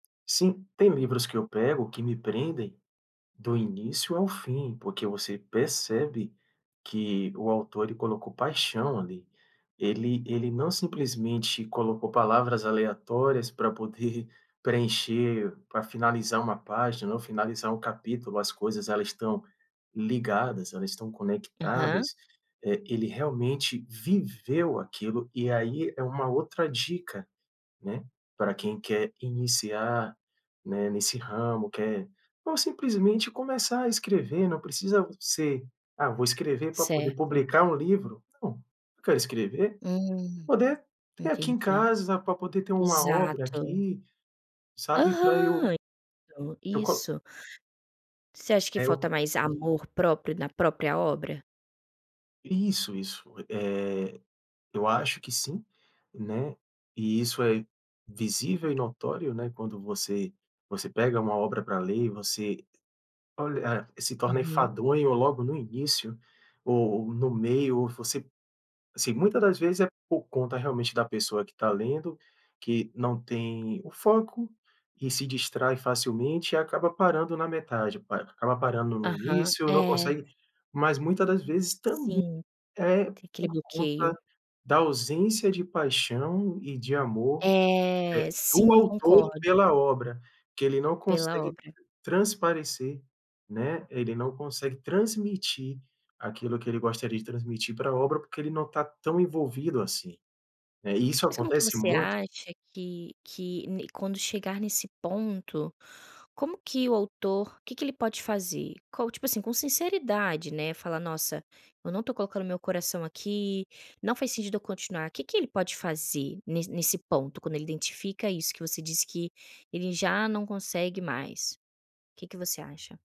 Sim. Tem livros que eu pego que me prendem do início ao fim, porque você percebe que o autor, ele colocou paixão ali. Ele ele não simplesmente colocou palavras aleatórias pra poder preencher pra finalizar uma página ou finalizar um capítulo, as coisas, elas estão ligadas, elas estão Aham. conectadas, eh, ele realmente viveu aquilo, e aí é uma outra dica, né, pra quem quer iniciar, né, nesse ramo, quer não simplesmente começar a escrever, não precisa ser: "Ah, vou escrever pra poder Certo. publicar um livro". Não, eu quero escrever, Hum, poder ter aqui em entendi. casa, pra poder ter uma obra Exato. aqui, sabe, pra eu Aham. eu co Isso. Você acha que É, eu falta co mais amor próprio na própria obra? Isso, isso. Eh, eu acho que sim, né, e isso é visível e notório, né, quando você você pega uma obra pra ler e você olha ah, e se torna Uhum. enfadonho logo no início ou no meio, ou você assim, muita das vezes é por conta, realmente, da pessoa que está lendo, que não tem o foco e se distrai facilmente, e acaba parando na metade, pa acaba parando no Aham, início, não é. consegue mas muita das vezes também Sim. é Tem aquele por conta bloqueio. da ausência de paixão e de amor, É, eh, do sim, autor concordo. pela obra, que ele não Pela consegue obra. transparecer, né, ele não consegue transmitir aquilo que ele gostaria de transmitir pra obra, porque ele não está tão envolvido assim, né, e isso Mas como que acontece você muito acha que que n quando chegar nesse ponto, como que o autor o que que ele pode fazer? Qual, tipo assim, sinceridade, né, falar: "Nossa, eu não estou colocando meu coração aqui, não faz sentido eu continuar". Que que ele pode fazer ne nesse ponto, quando ele identifica isso que você disse que ele já não consegue mais? Que que você acha?